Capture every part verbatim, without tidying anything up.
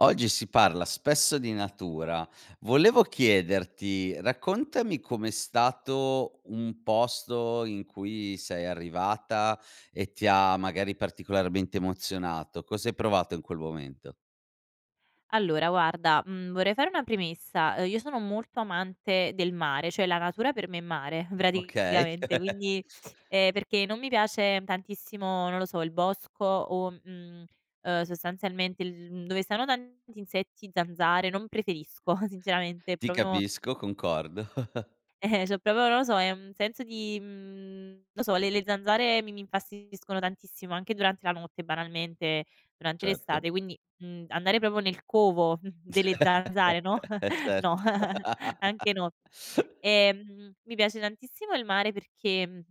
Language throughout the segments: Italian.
Oggi si parla spesso di natura. Volevo chiederti, raccontami com'è stato un posto in cui sei arrivata e ti ha, magari, particolarmente emozionato. Cos'hai provato in quel momento? Allora guarda, mhmm, vorrei fare una premessa: Ehm, io sono molto amante del mare, ceh la natura per me è mare Okay. praticamente. Quindi, ehm, perché non mi piace tantissimo, non lo so, il bosco o, mhmm, ehm, sostanzialmente il dove stanno tanti insetti, zanzare non preferisco sinceramente, è Ti propio capisco, concordo. ciò propo non lo so, è un senso di, mhmm, non so le le le zanzare mi mi infastidiscono tantissimo, anche durante la notte, banalmente, durante Certo. l'estate. Quindi, mhmm, andare propo nel covo delle zanzare, no, Eh, no, certo! anche no. Ehm, mi piace tantissimo il mare perché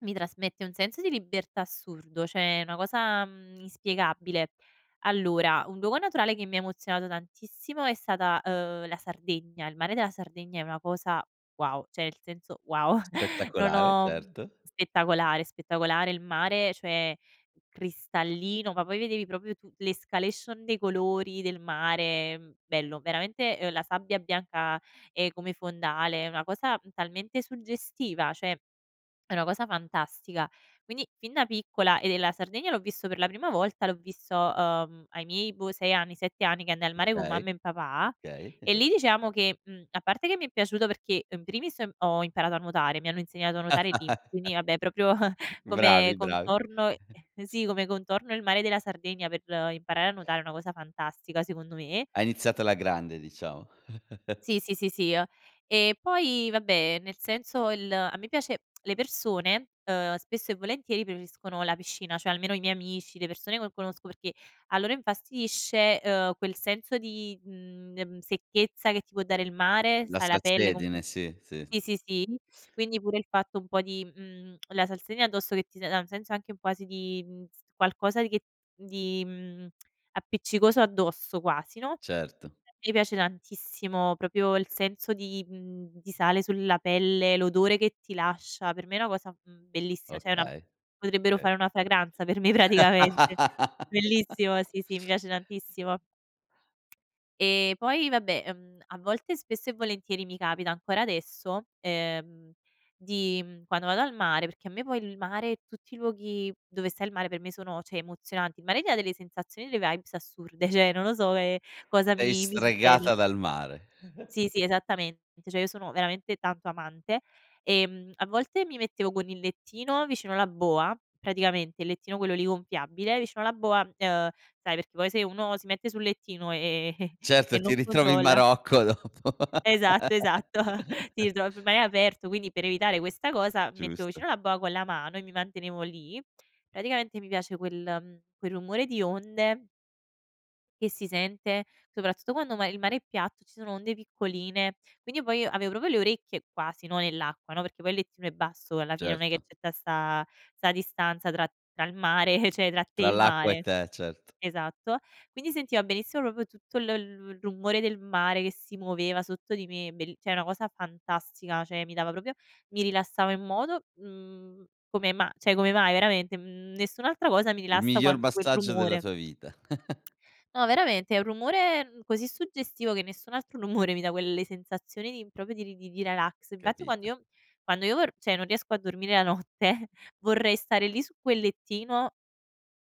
mi trasmette un senso di libertà assurdo, ceh è una cosa, mhmm, inspiegabile. Allora, un luogo naturale che mi ha emozionato tantissimo è stata, ehm, la Sardegna. Il mare della Sardegna è una cosa wow ceh el senso wow non Spettacolare, ho certo. spettacolare spettacolare. Il mare cioè cristallino, ma poi vedevi propio tu l'escalation dei colori del mare bello veramente, ehm, la sabbia bianca, ehm, come fondale è una cosa, mhmm, talmente suggestiva, ceh è una cosa fantastica. Quindi, fin da piccola e ehm, la Sardegna l'ho visto per la prima volta l'ho visto, ehm, ai miei boh, sei anni, sette anni, che andai al mare con Okay, mamma em papà. okay. E lì, diceamo che, mhmm, a parte che mi è piaciuto perché, in primis, ho i ho imparato a nuotare, mi hanno insegnato a nuotare lì, quindi vabbè propio come Bravi, bravi. contorno ehm, sì come contorno il mare della Sardegna per imparare a nuotare è una cosa fantastica secondo me Hai iniziato alla grande, diciamo. Sì, sì, sì, sie. E poi vabbè, nel senso il a me piace le persone, ehm, spesso e volentieri preferiscono la piscina, cioè almeno i miei amici, le persone cue conosco, perché a loro infastidisce, ehm, quel senso di, mhmm, ehm, secchezza che ti può dare il mare, La sai la pelle comque salsedine, sì, sì. sì, sì, sì. Quindi pure il fatto un po' di, mhmm, la salsedine addosso che ti za ha un senso anche un quasi di, mhmm, s qualcosa di che di, mhmm, appiccicoso addosso, quasi, no, Certo. infatti mi piace tantissimo propio il senso di, mhmm, di sale sulla pelle, l'odore che ti lascia, per me è una cosa, mhmm, bellissima, ceh è una Okay. potrebbero chei. fare una fragranza per me, praticamente Bellissimo! Sì, sì, mi piace tantissimo. E poi vabbè, ehm, a volte spesso e volentieri mi capita ancora adesso, ehm, di, mhmm, quando ado al mare perché a me poi il mare e tutti i luoghi dove sta il mare per me sono ceh emozionanti. Il mare tià delle sensazioni, eleaibs assurde, ceh non lo so, ehm, cosa Sei mi mi succede. stregata dal mare. Sì, sì esattamente. ceh io sono veramente tanto amante. Ehm, a volte mi mettevo con il lettino vicino la boa, praticamente il lettino quello lì gonfiabile vicino la boa, ehm sai perché poi se uno si mette sul lettino e e e Certo, ti non ritrovi in controlla Marocco dopo. Esatto, esatto. Sì, [unintelligible] ma è aperto quindi per evitare questa cosa mi mettevo Giusto. vicino la boa con la mano, e mi mantenevo lì praticamente mi piace quel, mhmm, quel rumore di onde che si sente, soprattutto quando uma il mare è piatto, e ci sono onde piccoline. Quindi io, poi, avevo proprio le orecchie, quasi, no, nell'acqua, no, perché poi il lettino è basso, e alla fine non è che Certo. c'è tta da sta sta distanza tra tra il mare, ceh tra te e Tra il l'acqua e mare te, cert esatto quindi si sientiva benissimo propio tutto il il il rumore del mare che si muoveva sotto di me. Bell ceh una cosa fantastica. ceh mi dava propio mi rilassavo in modo, mhmm, come ma ceh come mai veramente, mhmm, nessun'altra cosa mi Il rilassa miglior quanto quel massaggio della rumore. tua vita. No veramente, è un rumore n così suggestivo che nessun altro rumore mi dà quelle sensazioni di propio di di ralax. invatti quando Capito. io m quando io or ceh non riesco a dormire la notte, vorrei stare lì su quel lettino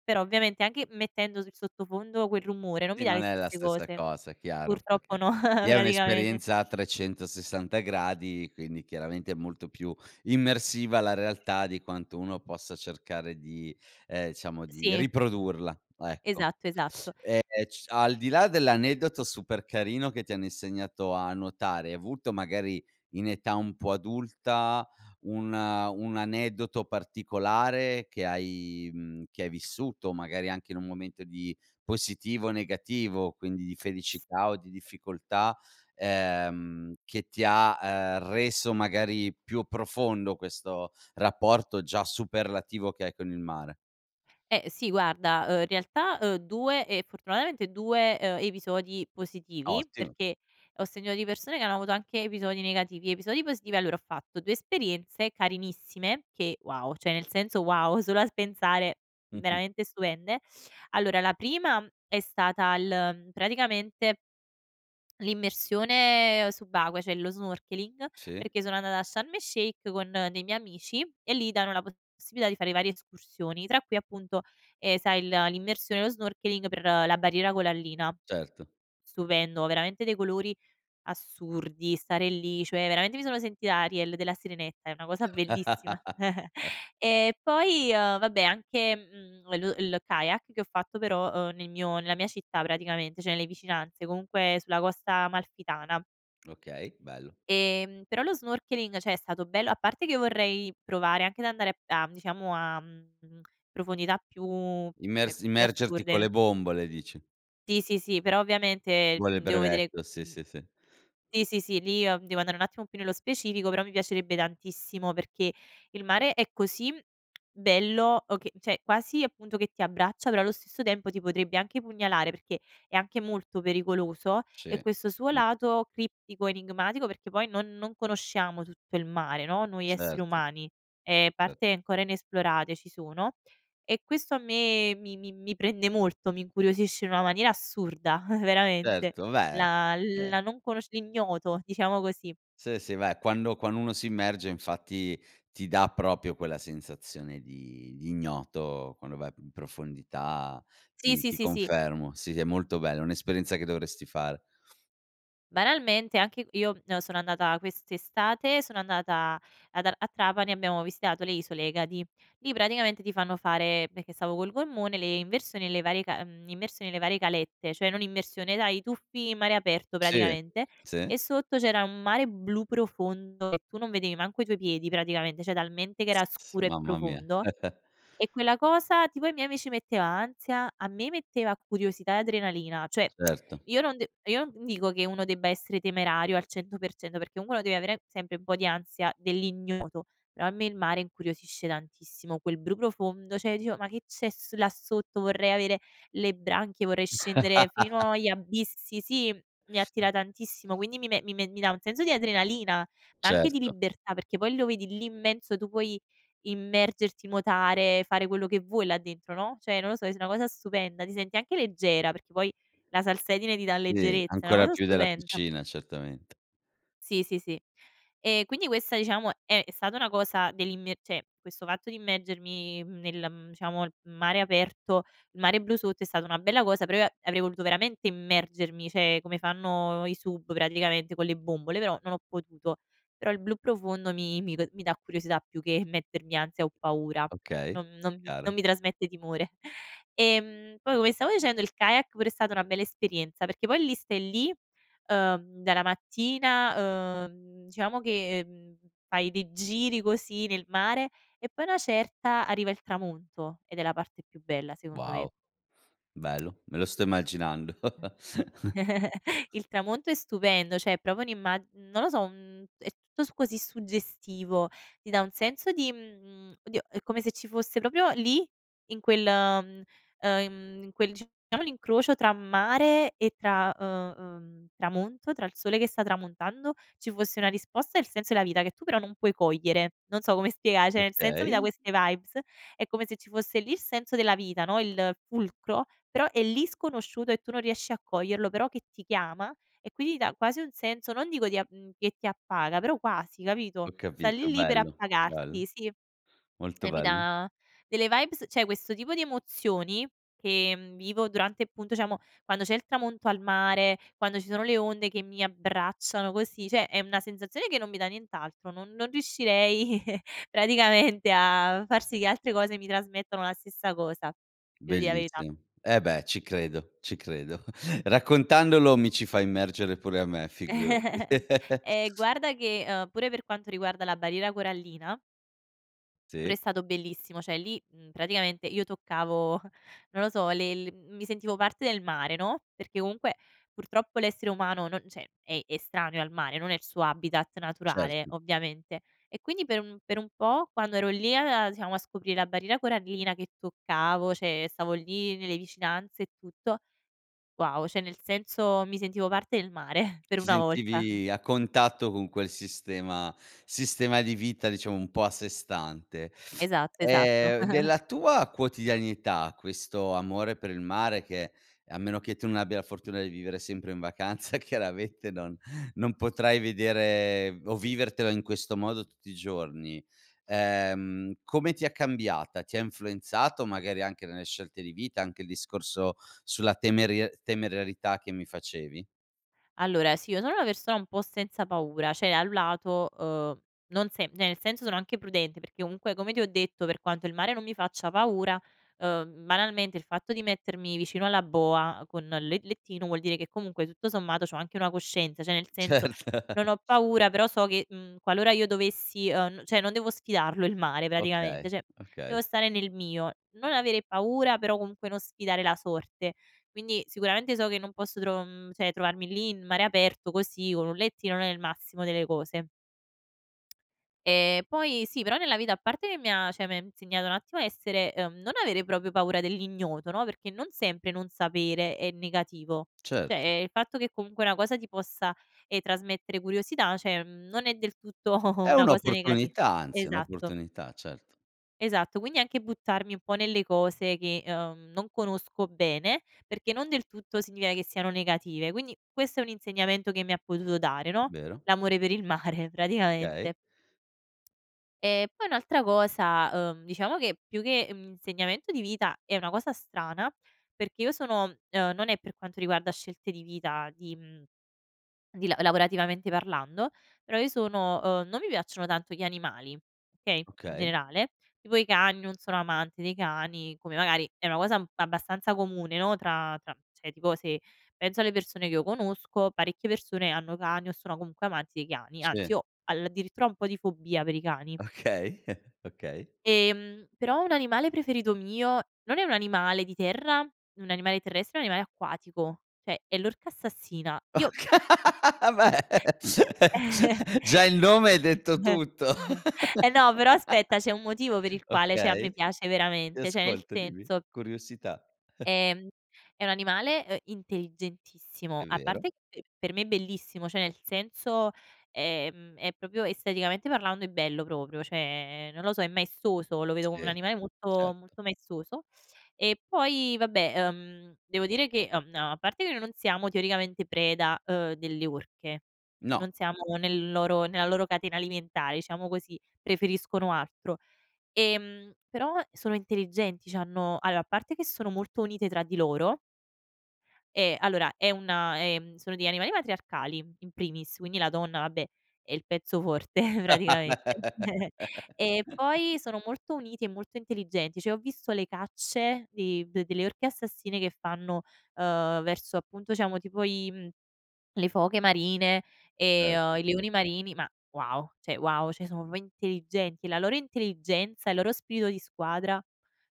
però ovviamente anche mettendo su il sottofondo quel rumore non mi Sì dà le non è la stesse stessa cose. cosa chiaro Purtroppo perché no lì è praticamente. un'esperienza a trecentosessanta gradi, quindi chiaramente è molto più immersiva la realtà di quanto uno possa cercare di, ehm, diciamo di Sì. riprodurla, ecco. Esatto, esatto. Ehm, c al di là dell'aneddoto super carino che ti hanno insegnato a nuotare, hai avuto magari in età un po' adulta un, ehm, un aneddoto particolare che hai, mhmm, che hai vissuto, magari anche in un momento di positivo o negativo quindi di S felicità o di difficoltà, ehm, che ti ha, ehm, reso magari più profondo questo rapporto già superlativo che hai con il mare? Eh, sì, guarda, uhm in realtà, ehm, due ehm, fortunatamente due, ehm, episodi positivi, Ottim perché ho senito di persone che hanno avuto anche episodi negativi. Episodi positivi: allora ho fatto due esperienze carinissime che wow ceh, nel senso wow solo al pensare Mh-mh. veramente stupende. Allora la primam è stata il mhmm, praticamente l'immersione subacquea, ceh lo snorkeling, Sì. perché sono andata a Sharm el-Sheikh con dei miei amici, e lì danno la possibilità di fare varie escursioni, tra cui appunto, ehm, sai il l'immersione e lo snorkeling per, ehm, la barriera colallina. Certo. Stupendo veramente dei colori assurdi, stare lì, ceh veramente mi sono sentita Ariel della Sirenetta. È una cosa bellissima. E poi, ehm, vabbè anche, mhmm, lo il kayak che ho fatto però, ehm, nel mio nella mia città, praticamente, ceh nelle vicinanze comunque sulla Costa Amalfitana Okay, bello. ehm, però lo snorkeling, ceh è stato bello a parte che vorrei provare anche ad andare p a, mhmm, diciamo a, mhmm, profondità più ceh Immersi più immergerti con assurde. le bombole, dici? Sì, sì, sì, però ovviamente, Vuole il ehm, devo vedere brevetto, sì, mhmm sì, sì. sì, sì, sì lì, ehm, devo andare un attimo più nello specifico però mi piacerebbe tantissimo, perché il mare è così, mhmm bello o che ceh quasi, appunto, che ti abbraccia, però allo stesso tempo ti potrebbe anche pugnalare perché è anche molto pericoloso, e Ci, questo suo mh. lato criptico, enigmatico perché poi non non conosciamo tutto il mare, no, noi esseri Certo. umani. Ehm erto. parte ancora inesplorate ci sono, e questo a me mi mi mi prende molto, mi incuriosisce in una maniera assurda, veramente. Certo, beh, La eh la non conosc l'ignoto, diciamo così. Sì, sì. Beh quando quanno uno si immerge infatti ti da propio quella sensazione di di ignoto, quando vai p in profondità, Sì, ti sì, ti sì, sì. confermo. Sì, sì è molto bello. E' un'esperienza che dovresti fare. Banalmente, anche io, mhmm, sono andata quest'estate sono andata ad a a Trapani, abbiamo visitato le isole Egadi. Lì praticamente ti fanno fare perché stavo col gommone, le inversioni e le varie ca mhmm, immersioni e le varie calette, ceh non immersione dai i tuffi in mare aperto Sì. praticamente. E Sì? sotto c'era un mare blu profondo, e tu non vedevi manco i tuoi piedi, praticamente, ceh talmente che S era s scuro e mamma mia. profondo. E quella cosa tipo ai miei amici metteva ansia, a me metteva curiosità e adrenalina. ceh Certo. io non d io non dico che uno debba essere temerario al cento per cento perché comungue uno deve avere sempre un po' di ansia dell'ignoto, però a me il mare incuriosisce tantissimo. Quel bru profondo, ceh io dicevo: "Ma che c'è s là sotto, vorrei avere le branchie, vorrei scendere fino agli abissi" sì, mi attira tantissimo quindi mi me mi me mi dà un senso di adrenalina, ma anche di Certo. libertà perché poi lo vedi lì immenso, tu puoi immergerti, nuotare, fare quello che vuoi là dentro, no, ceh non lo so, es una cosa stupenda. Ti senti anche leggera, perché poi la salsedine ti dà Sì, leggerezza. E' una ancora osa più della stupenda. cucina, certamente. Sì, sì, sì. E quindi questa diciamo è è stata una cosa dell'immie ceh questo fatto di immergermi, mhmm, nel, mhmm, diciamo il mare aperto il mare blu sotto è stata una bella cosa però io a avrei voluto veramente immergermi, ceh come fanno i sub praticamente con le bombole, però non ho potuto. Però il blu profondo mi mi d mi dà curiosità più che mettermi ansia o paura. Okay, Non non mis non chiaro. mi trasmette timore. Ehm, poi ome stavo dicendo il kayak pure è stata una bella esperienza, perché poi lì stai lì, ehm, dalla mattina, ehm, diciamo che, mhmm, fai dei giri così nel mare e poi a una certa arriva il tramonto, ed è la parte più bella secondo me. Wow! Bello! Me lo sto immaginando! Il tramonto è stupendo, ceh è propio un'imma non lo so un è tutto su così suggestivo, ti dà un senso di, mhmm, oddio è come se ci fosse propio lì in quel, ehm ehm, in quel diciamo l'incrocio tra mare e tra, uhm, uhm tramonto, tra il sole che sta tramontando ci fosse una risposta al senso della vita, che tu però non puoi cogliere. Non so come spiega ceh nel senso mi dà Okay. queste vibes. È come se ci fosse lì il senso della vita, no, il fulcro. Però è lì sconosciuto e tu non riesci a coglierlo. Però che ti chiama, e quindi ti dà quasi un senso, non dico di a mhmm, che ti appaga però quasi, capito, Ho sta lì, capito. lì per Bello, bello, appagarti sì. molto Eh, mi bello da delle vibes ceh questo tipo di emozioni, che, mhmm, vivo durante, appunto iciamo quando c'è il tramonto al mare, quando ci sono le onde che mi abbracciano così, ceh è una sensazione che non mi dà nient'altro. Non non riuscirei praticamente a far sì che altre cose mi trasmettono la stessa cosa. Ti evo dire la verità. Bellissimo, eh beh, ci credo ci credo. Raccontandolo mi ci fai immergere pure a me, figurati. Ehm, guarda che, ehm, pure per quanto riguarda la barriera corallina pure Sì. è stato bellissimo, ceh lì, mhmm, praticamente io toccavo non lo so le l mi sentivo parte del mare, no, perché comunque purtroppo l'essere umano non ceh è estraneo al mare, non è il suo habitat Cert naturale, ovviamente. E quindi per un per un po' quando ero lì a a diciamo a scoprire la barriera corallina che toccavo, ceh stavo lì nelle vicinanze e tutto wow, ceh nel senso mi sentivo parte del mare per Ti una volta. sentivi a contatto con quel sistema sistema di vita diciamo un po' a sé stante. Esatto, esatto. Ehm, della tua quotidianità questo amore per il mare che a meno che tu non abbia la fortuna di vivere sempre in vacanza, chiaramente non non potrai vedere o vivertelo in questo modo tutti i giorni. Ehm come ti ha cambiata? Ti ha influenzato magari anche nelle scelte di vita anche il discorso sulla temeria sulla temerarietà che mi facevi? Allora si, io sono una persona un po' senza paura, ceh a un lato, ehm, non se ne nel senso sono anche prudente, perché comunque come ti ho detto per quanto il mare non mi faccia paura, ehm, banalmente il fatto di mettermi vicino alla boa con le lettino vuol dire che comunque tutto sommato c'ho anche una coscienza, ceh nel senso, Certo. non ho paura però so che, mhmm, qualora io dovessi, ehm, n ceh non devo sfidarlo il mare praticamente. Okay, ceh io evo okay. stare nel mio. Non avere paura, però comunque non sfidare la sorte. Quindi, sicuramente so che non posso tro mhmm, ceh trovarmi lì in mare aperto così con un lettino non è il massimo delle cose. Ehm, poi sì però nella vita a parte che mi ha, ceh mi ham insegnato un attimo a essere, ehm non avere propio paura dell'ignoto, no, perché non sempre non sapere è negativo. ceh Cert ehm, il fatto che comunque una cosa ti possa, ehm, trasmettere curiosità, ceh ehm, non è del tutto È una cosa negati un'opportunità anzi, è esatto. un'opportunità cert Esatto. Quindi anche buttarmi un po' nelle cose che, ehm, non conosco bene perché non del tutto signia che siano negative. Quindi questo è un insegnamento che mi ha potuto dare, no, Vero. l'amore per il mare, praticamente. Chei. E poi un'altra cosa, uhm, diciamo che più che, mhmm, un insegnamento di vita è una cosa strana perché io sono ehm, non è per quanto riguarda scelte di vita di, mhmm, di la lavorativamente parlando, però io sono uhm, non mi piacciono tanto gli animali, okay, in Okay. generale. Tipo i cani, non sono amante dei cani come magari è una cosa un abbastanza comune, no, tra tra mhmm, ceh tipo se penso alle persone che io conosco parecchie persone hanno cani o sono comunque amanti dei cani. Anzi Se. io aldirittura ho un po' di fobia per i cani Okay, okay. ehm, però un animale preferito mio non è un animale di terra, un animale terrestre, è un animale acquatico, ceh è l'orca assassina. Io Ocha, beh già il nome hai detto [unintelligible] tutto! eh no però, aspetta, c'è un motivo per il quale ceh a Okay, me piace ti veramente. ceh nel ascolto dimmi. senso Curiosità. ehm, è un animale, ehm, intelligentissimo. È A parte vero. che per me è bellissimo, ceh nel senso, ehm, è proprio, esteticamente parlando, è bello propio, ceh non lo so è maestoso, lo vedo come un Sì. animale molto Certo. molto maestoso. E poi vabbè, ehm, devo dire che, mhmm, a parte che noi non siamo teoricamente preda, ehm, delle orche. No. Non siamo nel loro nella loro catena alimentare diciamo così. Preferiscono altro. Ehm, però sono intelligenti, c'hanno allora, a parte che sono molto unite tra di loro Eh, allora è una ehm, sono degli animali matriarcali in primis quindi la donna, vabbè, è il pezzo forte praticamente e poi sono molto uniti e molto intelligenti, ceh io ho visto le cacce di de delle orche assassine che fanno, ehm, verso, appunto diciamo tipo i mhmm, le foche marine e, Cert ehm, i leoni marini ma wow, ceh wow. ceh sono propo intelligenti. La loro intelligenza e il loro spirito di squadra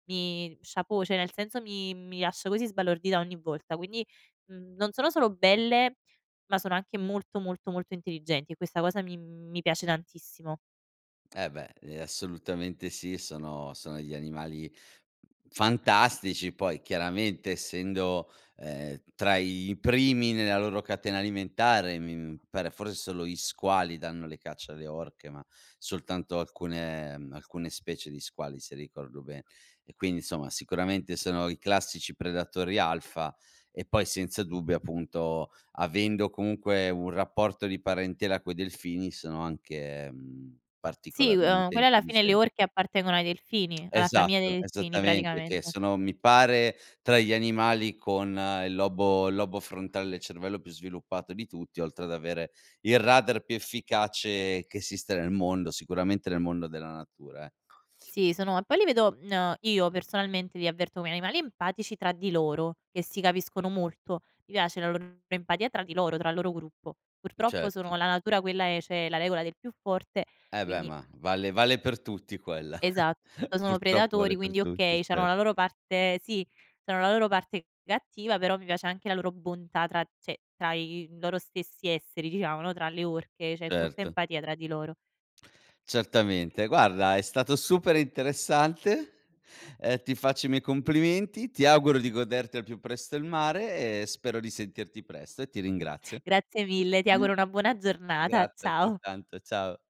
mi chapeau, ceh nel senso mi mi lascia così sbalordita ogni volta quindi, mhmm, non sono solo belle, ma sono anche molto molto molto intelligenti, e questa cosa mi mi piace tantissimo. Eh, beh, ehm, assolutamente sì sono sono degli animali fantastici poi, chiaramente, essendo, ehm, tra i primi nella loro catena alimentare, mi, mhmm, pare for solo gli squali danno le caccia alle orche, ma soltanto alcune, mhmm, alcune specie di squali se ricordo be e quindi insomma sicuramente sono i classici predatori alfa e poi senza dubbio, appunto, avendo comunque un rapporto di parentela coi delfini sono anche, mhmm, Sì, uhm, particolarmente quelle alla fine le intelligen orche appartengono ai delfini, alla famiglia dei Esatto, delfini, esattamente, che praticamente. sono, mi pare, tra gli animali con il lobo il lobo frontale del cervello più sviluppato di tutti, oltre ad avere il radar più efficace che esiste nel mondo, sicuramente nel mondo della natura, ecco. Sì, sono e poi li vedo mhmm, uhm, io personalmente, li avverto ome animali empatici tra di loro, che si capiscono molto. Mi piace la loro empatia tra di loro, tra il loro gruppo. Purtroppo sono Certo. la natura quella è, c'è la regola del più forte Eh, beh, quindi ma vale vale per tutti quella Esatto, poi sono purtroppo predatori vale per quindi, tutti okay c'hanno cer la loro parte sì c'hanno la loro parte cattiva però mi piace anche la loro bontà tra ceh tra i, uhm, loro stessi esseri diciamo, no, tra le orche c'è molta Certo. empatia tra di loro. Certamente. Guarda è stato super interessante, ehm, ti faccio i miei complimenti, ti auguro di goderti al più presto il mare e spero di sentirti presto e ti Mh. ringrazio. Grazie mille, ti auguro una buona giornata, Grazie, ciao. altrettanto. Ciao